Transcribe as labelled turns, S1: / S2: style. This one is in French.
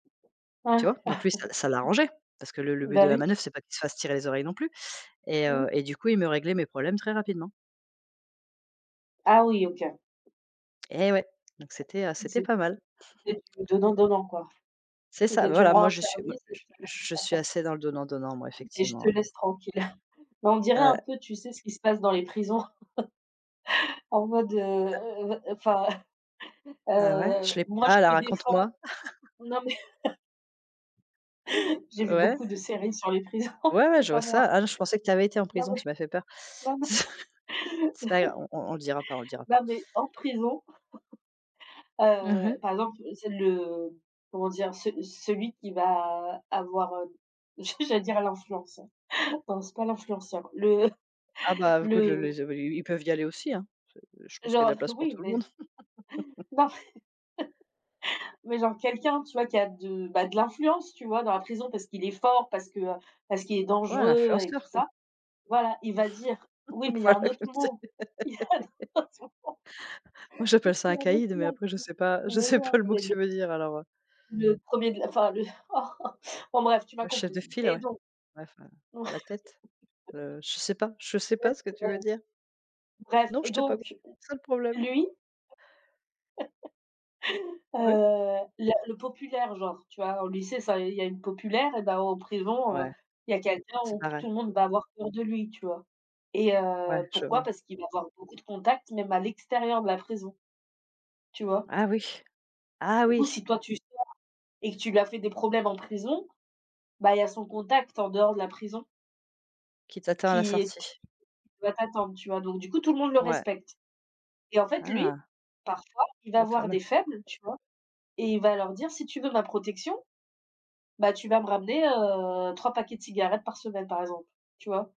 S1: Ouais.
S2: Tu vois? Donc lui, ça ça l'arrangeait parce que le le but de
S1: Bah,
S2: la
S1: oui.
S2: manœuvre, c'est pas qu'il se fasse tirer les oreilles non plus et heu,
S1: Mmh.
S2: et du coup, il me réglait mes problèmes très rapidement.
S1: Ah oui, OK.
S2: Et ouais, donc c'était, heu, c'était
S1: C'est
S2: pas mal.
S1: c'est du donnant-donnant, quoi.
S2: C'est ça,
S1: C'était, tu me
S2: voilà,
S1: rends
S2: moi,
S1: un
S2: je suis me
S1: service et
S2: je
S1: je te
S2: je suis assez dans le donnant-donnant, moi,
S1: et je
S2: effectivement,
S1: te
S2: ouais.
S1: laisse tranquille. Mais on dirait un
S2: Ouais.
S1: peu, tu sais? Ce qui se passe dans les prisons. En mode, heu
S2: Ah.
S1: heu heu, enfin,
S2: Ah ouais, je
S1: heu,
S2: l'ai
S1: moi,
S2: pas,
S1: je
S2: alors
S1: te
S2: raconte-moi?
S1: défends. Non mais j'ai vu
S2: Ouais?
S1: beaucoup de séries sur les prisons,
S2: Ouais, ouais,
S1: c'est
S2: je vois
S1: pas
S2: ça.
S1: moi.
S2: Ah non, je pensais que tu y avais été en
S1: Non
S2: prison,
S1: mais
S2: tu m'as fait peur. C'est pas gra on on on le dira pas, on le dira pas.
S1: non, mais, en prison,
S2: Mmh
S1: heu,
S2: mh.
S1: par exemple, c'est le, comment dire? Ce celui qui va avoir, heu, j'allais dire l'influenceur. Non, c'est pas l'influenceur, le
S2: Ah bah, écoute,
S1: le
S2: le
S1: mmh
S2: les ils ils ils peuvent y aller aussi, hein? C je pense qu'il y a de la
S1: [unintelligible]
S2: place pour
S1: Oui,
S2: tout le
S1: mais,
S2: monde.
S1: non, mais genre quelqu'un, tu vois? Qui a de, bah, de l'influence, tu vois? Dans la prison parce qu'il est fort, parce que, heu, parce qu'il est
S2: Ouais, un
S1: dangereux et tout
S2: influenceur, quoi.
S1: ça. Voilà, il va dire oui, mais il y a un
S2: Voilà
S1: autre
S2: comme c'est
S1: mot. Il y a un autre mot.
S2: moi, j'appelle ça
S1: Il y
S2: un
S1: a un autre
S2: caïd, mais
S1: mot
S2: après, je sais pas, je
S1: [unintelligible] mais,
S2: sais
S1: non
S2: pas le mot que
S1: mais
S2: tu veux dire alors, heu
S1: le 1er de enfin, le, enfin, bref, tu m'as
S2: Le chef
S1: comprise.
S2: de file,
S1: Et
S2: ouais.
S1: donc
S2: Bref, heu,
S1: ouais
S2: la tête, heu, je sais pas, je sais pas ce que tu veux dire.
S1: [unintelligible] Bref,
S2: Non,
S1: et
S2: je t'ai pas c
S1: donc,
S2: c'est ça le problème.
S1: lui Heu,
S2: Oui.
S1: le le populaire, genre, tu vois? Au lycée, ça, il y a une populaire et ben, en prison,
S2: Ouais.
S1: heu, il y a quelqu'un
S2: C'est
S1: où
S2: pareil.
S1: tout le monde va avoir peur de lui, tu vois? Et
S2: Ouais,
S1: heu,
S2: je
S1: pourquoi?
S2: vois.
S1: Parce qu'il va avoir beaucoup de contact, même à l'extérieur de la prison. Tu vois?
S2: Ah oui, ah
S1: Du coup,
S2: oui.
S1: si toi, tu sors et que tu lui as fait des problèmes en prison, bah, il y a son contact en dehors de la prison
S2: Qui t'attend à la
S1: qui est te qui
S2: sortie?
S1: qui doit t'attendre, tu vois? Donc, du coup, tout le monde le
S2: Ouais.
S1: respecte. Et en fait, lui,
S2: Ah.
S1: parfois, il va
S2: Le
S1: voir
S2: fameux.
S1: des faibles, tu vois? Et il va leur dire: «Si tu veux ma protection, bah, tu vas me ramener, heu, 3 paquets de cigarettes par semaine» par exemple, tu vois?